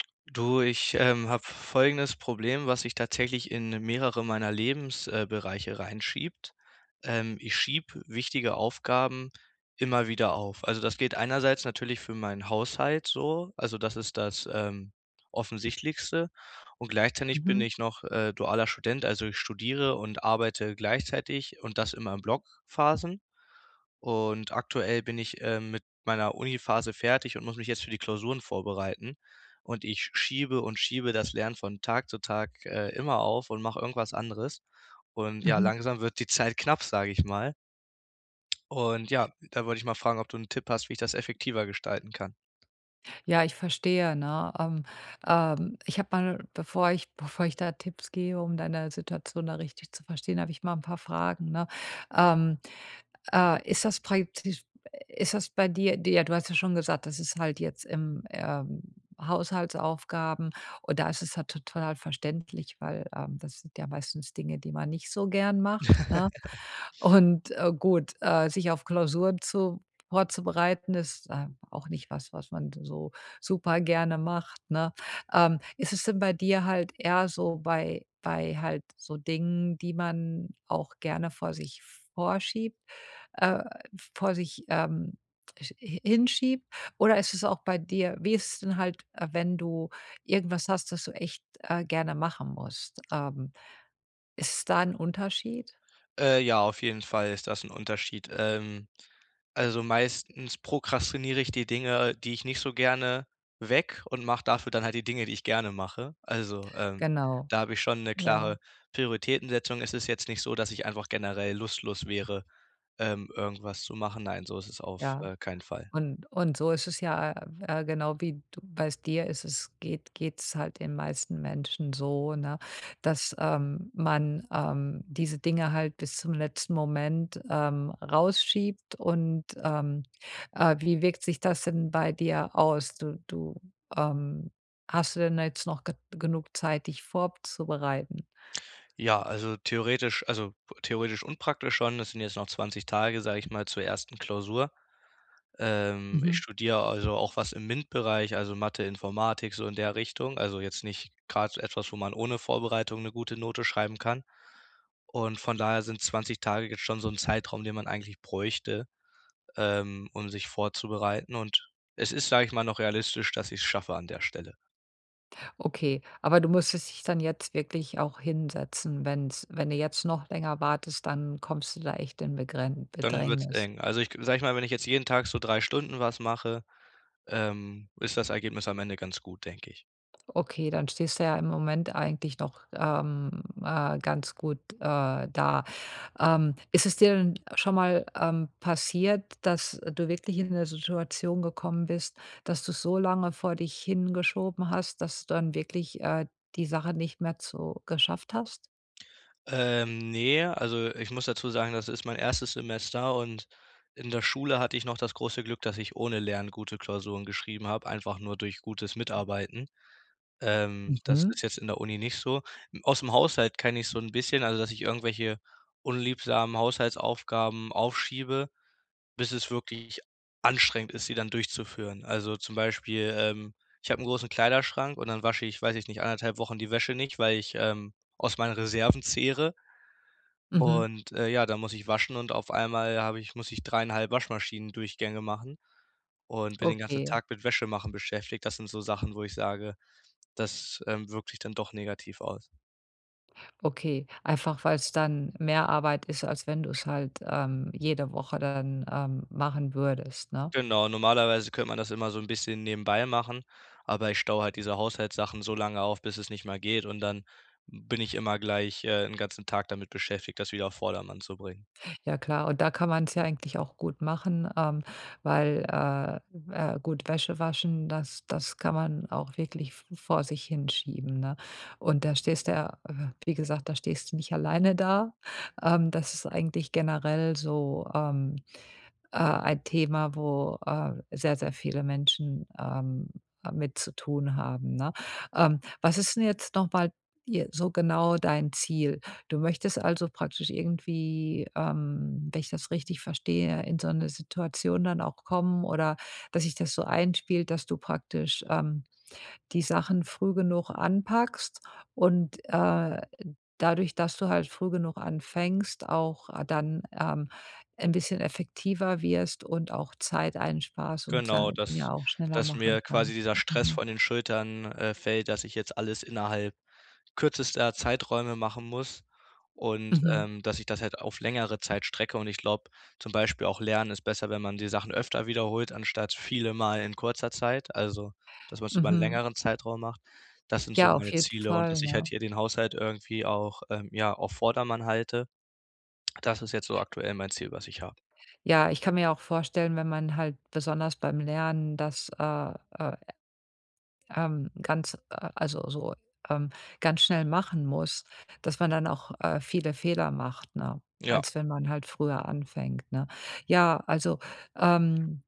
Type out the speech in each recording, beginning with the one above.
Du, ich, ähm, hab folgendes Problem, was sich tatsächlich in mehrere meiner Lebens äh, bereiche reinschiebt. Ähm, ich schieb wichtige Aufgaben immer wieder auf. Also, das geht einerseits natürlich für meinen Haushalt so, also das ist das, ähm, offensichtlichste. Und gleichzeitig bin Mhm. ich noch, äh, dualer Student, also ich studiere und arbeite gleichzeitig und das immer in Blockphasen. Und aktuell bin ich, ähm, mit meiner Uni-Phase fertig und muss mich jetzt für die Klausuren vorbereiten. Und ich schiebe und schiebe das Lernen von Tag zu Tag, äh, immer auf und mach irgendwas anderes. Und ja, Mhm. langsam wird die Zeit knapp, sag ich mal. Und ja, da wollte ich mal fragen, ob du 'n Tipp hast, wie ich das effektiver gestalten kann? Ja, ich verstehe, ne, ähm, ähm, ich hab mal 'n, bevor ich bevor ich da Tipps gebe, um deine Situation da richtig zu verstehen, hab ich mal 'n paar Fragen, ne? Ähm, äh, ist das [unintelligible] ist das bei dir dir? Du hast ja schon gesagt, das ist halt jetzt im, ähm, Haushaltsaufgaben und da ist es halt total halt verständlich, weil, ähm, das sind ja meistens Dinge, die man nicht so gern macht, ne? Und, äh, gut, äh, sich auf Klausuren vor vorzubereiten ist ähm auch nicht was, was man so super gerne macht, ne? Ähm, ist es denn bei dir halt eher so bei bei halt so Dingen, die man auch gerne vor sich vorschiebt, äh, vor sich, ähm, sch hi hinschiebt? Oder ist es auch bei dir wie ist es denn halt, wenn du irgendwas hast, das du echt, äh, gerne machen musst? Ähm, ist es da 'n Unterschied? Äh, ja, auf jeden Fall ist das 'n Unterschied. Ähm, also meistens prokrastinier ich die Dinge, die ich nicht so gerne weg und mach dafür dann halt die Dinge, die ich gerne mache. Also, ähm, Genau, da hab ich schon 'ne ja. klare Prioritätensetzung. Es ist jetzt nicht so, dass ich einfach generell lustlos wäre, ähm, irgendwas zu machen. Nein, so ist es auf, Ja, äh, keinen Fall. und, und so ist es ja, äh, w äh, genau wie du, weißt dir, ist es geht geht’s halt den meisten Menschen so, ne, dass, ähm, man, ähm, diese Dinge halt bis zum letzten Moment, ähm, rausschiebt. Und, ähm, äh, wie wirkt sich das denn bei dir aus? Du du, ähm, hast du denn jetzt noch ge genug Zeit, dich vorzubereiten? Ja, also theoretisch, also theoretisch und praktisch schon. Das sind jetzt noch 20 Tage, sage ich mal, zur ersten Klausur. Ähm, ich Mhm. studier also auch was im MINT-Bereich, also Mathe-Informatik, so in der Richtung. Also jetzt nicht grad so etwas, wo man ohne Vorbereitung 'ne gute Note schreiben kann. Und von daher sind 20 Tage jetzt schon so 'n Zeitraum, den man eigentlich bräuchte, ähm, um sich vorzubereiten. Und es ist, sag ich mal, noch realistisch, dass ich's schaffe an der Stelle. Okay, aber du musstest dich dann jetzt wirklich auch hinsetzen, wenn's wenn du jetzt noch länger wartest, dann kommst du da echt in Begrän Dann wird's Bedrängnis. eng. Also ich, sage ich mal, wenn ich jetzt jeden Tag so 3 Stunden was mache, ähm, ist das Ergebnis am Ende ganz gut, denke ich. Okay, dann stehst du ja im Moment eigentlich noch, ähm, äh, ganz gut, äh, da. Ähm, ist es dir denn schon mal, ähm, passiert, dass, äh, du wirklich in 'ne Situation gekommen bist, dass du's so lange vor dich hingeschoben hast, dass du dann wirklich, äh, die Sache nicht mehr zu geschafft hast? Ähm, ne, also ich muss dazu sagen, das ist mein 1. Semester und in der Schule hatte ich noch das große Glück, dass ich ohne Lernen gute Klausuren geschrieben habe, einfach nur durch gutes Mitarbeiten. Ähm, das Mhm. ist jetzt in der Uni nicht so. Aus 'm Haushalt kenn ich so 'n bisschen, also dass ich irgendwelche unliebsamen Haushaltsaufgaben aufschiebe, bis es wirklich anstrengend ist, sie dann durchzuführen. Also, zum Beispiel, ähm, ich habe 'n großen Kleiderschrank und dann wasche ich, weiß ich nicht, 1,5 Wochen die Wäsche nicht, weil ich, ähm, aus meinen Reserven zehre. Mhm. Und, äh, ja, dann muss ich waschen und auf einmal habe ich muss ich 3,5 Waschmaschinendurchgänge machen und bin den ganzen Okay. Tag mit Wäsche machen beschäftigt. Das sind so Sachen, wo ich sage, das, ähm, wirkt sich dann doch negativ aus. Okay, einfach weil's dann mehr Arbeit ist, als wenn du's halt, ähm, jede Woche dann, ähm, machen würdest, ne? Genau, normalerweise könnte man das immer so 'n bisschen nebenbei machen, aber ich staue halt diese Haushaltssachen so lange auf, bis es nicht mehr geht und dann bin ich immer gleich, äh, 'n ganzen Tag damit beschäftigt, das wieder auf Vordermann zu bringen. Ja klar, und da kann man's ja eigentlich auch gut machen, ähm, weil, äh, äh, gut, Wäsche waschen, das das kann man auch wirklich v vor sich hin schieben, ne? Und da stehst du ja- wie gesagt- da stehst du nicht alleine da. Ähm, das ist eigentlich generell so, ähm, äh, ein Thema, wo, äh, sehr, sehr viele Menschen, ähm, äh, mit zu tun haben, ne? Ähm, was ist 'n jetzt noch mal je so genau dein Ziel? Du möchtest also praktisch irgendwie, ähm, wenn ich das richtig verstehe, in so 'ne Situation dann auch kommen oder dass sich das so einspielt, dass du praktisch, ähm, die Sachen früh genug anpackst und, äh, dadurch, dass du halt früh genug anfängst, auch dann, ähm, 'n bisschen effektiver wirst und auch Zeit einsparst und Genau, dann dass ja auch schneller dass machen mir quasi kannst. dieser Stress Mhm. von den Schultern, äh, fällt, dass ich jetzt alles innerhalb kürzester Zeiträume machen muss und, Mhm. ähm, dass ich das halt auf längere Zeit strecke. Und ich glaub, zum Beispiel auch Lernen ist besser, wenn man die Sachen öfter wiederholt, anstatt viele Male in kurzer Zeit, also dass man's über 'n Mhm. längeren Zeitraum macht. Das sind so Ja, auf meine jeden Ziele und Fall, dass ich halt ne? hier den Haushalt irgendwie auch, ähm, ja auf Vordermann halte, das ist jetzt so aktuell mein Ziel, was ich hab. Ja, ich kann mir auch vorstellen, wenn man halt besonders beim Lernen das, äh äh ähm, ganz also, so, ähm, ganz schnell machen muss, dass man dann, äh, auch viele Fehler macht, ne, Ja. als wenn man halt früher anfängt, ne? Ja, also, ähm,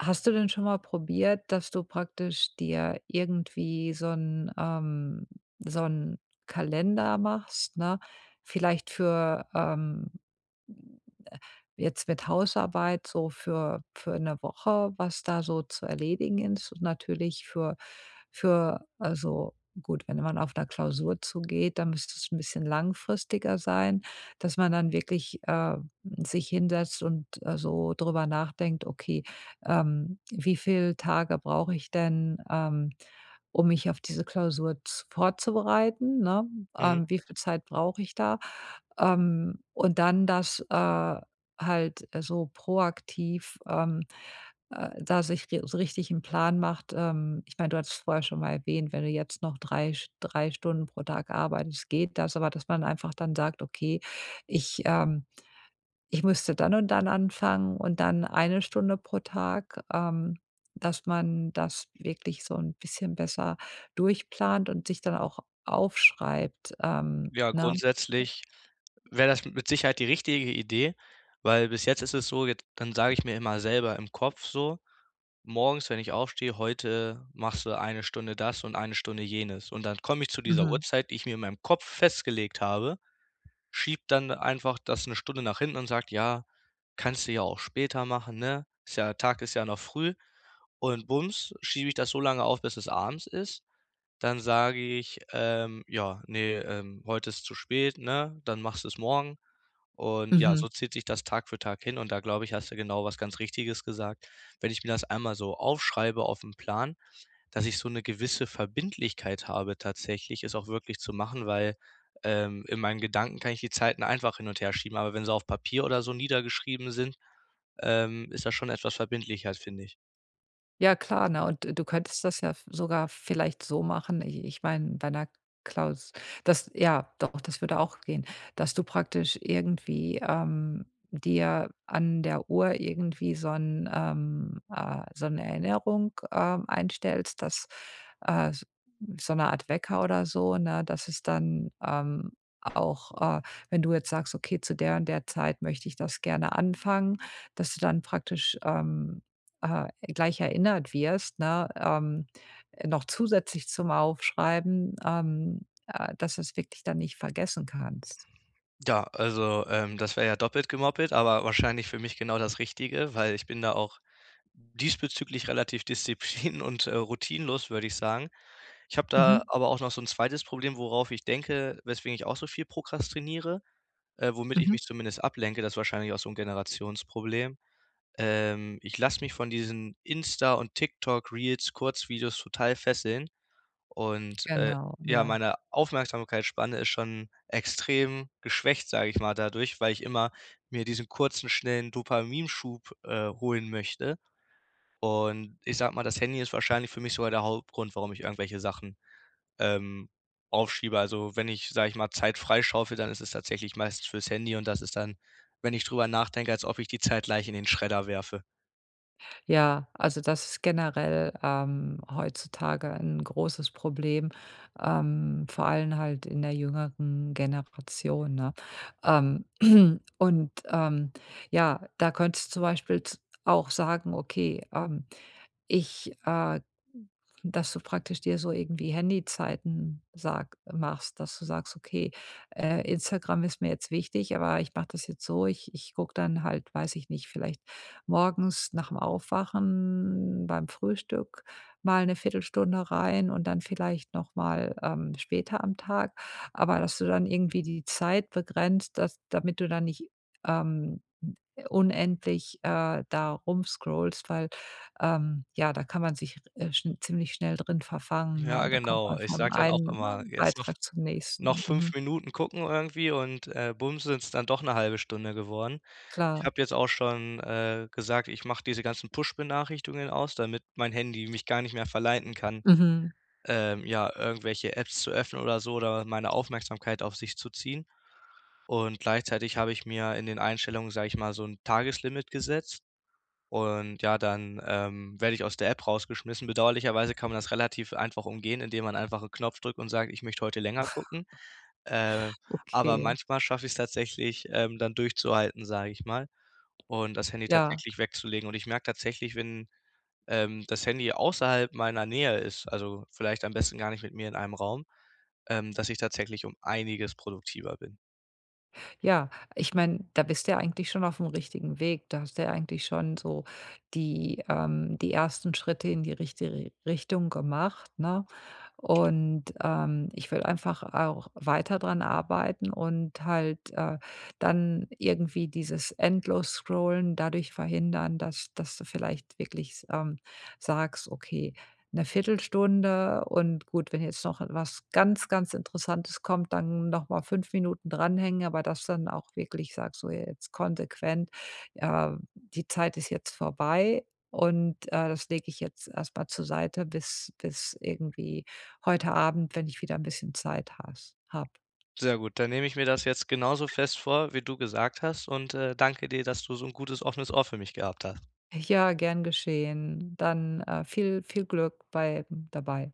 hast du denn schon mal probiert, dass du praktisch dir irgendwie so 'n ähm, so 'n Kalender machst, ne? Vielleicht für ähm, jetzt mit Hausarbeit so für für 'ne Woche, was da so zu erledigen ist und natürlich für für also gut, wenn man auf 'ner Klausur zugeht, dann müsste es 'n bisschen langfristiger sein, dass man dann wirklich, ähm, sich hinsetzt und, äh, so drüber nachdenkt: „Okay, ähm, wie viel Tage brauche ich denn, ähm, um mich auf diese Klausur z vorzubereiten“, ne? Mhm. Ähm, wie viel Zeit brauche ich da? Ähm, und dann das, äh, halt so proaktiv, ähm, äh, da sich ri so richtig 'n Plan macht. Ähm, ich mein, du hattest vorher schon mal erwähnt, wenn du jetzt noch drei sch drei Stunden pro Tag arbeitest, geht das. Aber, dass man einfach dann sagt: „Okay, ich, ähm, ich müsste dann und dann anfangen und dann eine Stunde pro Tag“, ähm, dass man das wirklich so 'n bisschen besser durchplant und sich dann auch aufschreibt. Ähm, Ja, ne? grundsätzlich wär das mit Sicherheit die richtige Idee, weil bis jetzt ist es so, jetzt dann sage ich mir immer selber im Kopf so, morgens, wenn ich aufstehe: „Heute machst du 1 Stunde das und 1 Stunde jenes.“ Und dann komme ich zu dieser Mhm. Uhrzeit, die ich mir in meinem Kopf festgelegt habe, schiebe dann einfach das 'ne Stunde nach hinten und sag: „Ja, kannst du ja auch später machen, ne? Ist ja Tag ist ja noch früh." Und bums schiebe ich das so lange auf, bis es abends ist. Dann sag ich: „Ähm, ja, ne, ähm, heute ist zu spät, ne, dann machst du's morgen“ und ja, Mhm. so zieht sich das Tag für Tag hin und da, glaub ich, hast du genau was ganz Richtiges gesagt, wenn ich mir das einmal so aufm Plan aufschreibe, dass ich so 'n gewisse Verbindlichkeit habe tatsächlich, es auch wirklich zu machen, weil, ähm, in meinen Gedanken kann ich die Zeiten einfach hin und herschieben, aber wenn sie auf Papier oder so niedergeschrieben sind, ähm, ist das schon etwas verbindlicher, find ich. Ja klar, ne, und du könntest das ja v sogar vielleicht so machen, i ich mein, bei 'ner Klaus das ja, doch, das würde auch gehen, dass du praktisch irgendwie, ähm, dir an der Uhr irgendwie so 'n ähm, äh, so 'n Erinnerung, ähm, einstellst, dass, äh, so 'ne Art Wecker oder so, ne, dass es dann, ähm, auch, äh, wenn du jetzt sagst: „Okay, zu der und der Zeit möchte ich das gerne anfangen“, dass du dann praktisch, ähm, äh, gleich erinnert wirst, ne, ähm, noch zusätzlich zum Aufschreiben, ähm, äh, dass du es wirklich dann nicht vergessen kannst. Ja, also, ähm, das wär ja doppelt gemoppelt, aber wahrscheinlich für mich genau das Richtige, weil ich bin da auch diesbezüglich relativ disziplin und, äh, routinenlos, würd ich sagen. Ich hab da Mhm. aber auch noch so 'n 2. Problem, worauf ich denke, weswegen ich auch so viel prokrastiniere, äh, womit ich Mhm. mich zumindest ablenke. Das wahrscheinlich auch so 'n Generationsproblem. Ähm, ich lass mich von diesen Insta und TikTok-Reels-Kurzvideos total fesseln. Und, äh, Genau, ja, ja. meine Aufmerksamkeitsspanne ist schon extrem geschwächt, sage ich mal, dadurch, weil ich immer mir diesen kurzen, schnellen Dopaminschub, äh, holen möchte. Und ich sage mal, das Handy ist wahrscheinlich für mich sogar der Hauptgrund, warum ich irgendwelche Sachen, ähm, aufschiebe. Also wenn ich, sage ich mal, Zeit freischaufele, dann ist es tatsächlich meistens für's Handy und das ist dann, wenn ich drüber nachdenke, als ob ich die Zeit gleich in den Schredder werfe. Ja, also das ist generell, ähm, heutzutage 'n großes Problem, ähm, vor allem halt in der jüngeren Generation, ne? Ähm, Und, ähm, ja, da könntest zum Beispiel z auch sagen: „Okay, ähm, ich“, äh, dass du praktisch dir so irgendwie Handyzeiten sag machst, dass du sagst, okay, äh, Instagram ist mir jetzt wichtig, aber ich mach das jetzt so, ich ich guck dann halt- weiß ich nicht- vielleicht morgens nach 'm Aufwachen beim Frühstück mal 'ne Viertelstunde rein und dann vielleicht nochmal, ähm, später am Tag, aber dass du dann irgendwie die Zeit begrenzt, dass damit du da nicht, ähm, unendlich, äh, da rumscrollst, weil, ähm, ja, da kann man sich r äh, schn ziemlich schnell drin verfangen, ne, Ja, und dann kommt genau. man Ich vom sag dann auch einen immer, jetzt noch Beitrag zum noch nächsten. 5 Mhm. Minuten gucken irgendwie und, äh, bumm sind's dann doch 'ne halbe Stunde geworden. Ich Klar. hab jetzt auch schon, äh, gesagt, ich mach diese ganzen Push-Benachrichtigungen aus, damit mein Handy mich gar nicht mehr verleiten kann, Mhm. ähm, ja, irgendwelche Apps zu öffnen oder so oder meine Aufmerksamkeit auf sich zu ziehen. Und gleichzeitig hab ich mir in den Einstellungen, sag ich mal, so 'n Tageslimit gesetzt und ja, dann, ähm, werd ich aus der App rausgeschmissen. Bedauerlicherweise kann man das relativ einfach umgehen, indem man einfach 'n Knopf drückt und sagt: „Ich möchte heute länger gucken“, äh, aber Okay. manchmal schaff ich's tatsächlich, ähm, dann durchzuhalten, sag ich mal, und das Handy Ja. tatsächlich wegzulegen. Und ich merk tatsächlich, wenn, ähm, das Handy außerhalb meiner Nähe ist, also vielleicht am besten gar nicht mit mir in einem Raum, ähm, dass ich tatsächlich um einiges produktiver bin. Ja, ich mein, da bist du ja eigentlich schon aufm richtigen Weg. Da hast du ja eigentlich schon so die, ähm die ersten Schritte in die richtige Richtung gemacht, ne? Und, ähm, ich will einfach auch weiter dran arbeiten und halt, äh, dann irgendwie dieses Endlos-Scrollen dadurch verhindern, dass dass du vielleicht wirklich s ähm, sagst, okay, 'ne Viertelstunde und gut, wenn jetzt noch was ganz, ganz Interessantes kommt, dann nochmal 5 Minuten dranhängen, aber dass du dann auch wirklich sagst, so jetzt konsequent, äh: „Die Zeit ist jetzt vorbei und, äh, das leg ich jetzt erstmal zur Seite, bis bis irgendwie heute Abend, wenn ich wieder 'n bisschen Zeit hast hab.“ Sehr gut, dann nehme ich mir das jetzt genauso fest vor, wie du gesagt hast und, äh, danke dir, dass du so 'n gutes offenes Ohr für mich gehabt hast. Ja, gern geschehen. Dann, äh, viel, viel Glück bei dabei.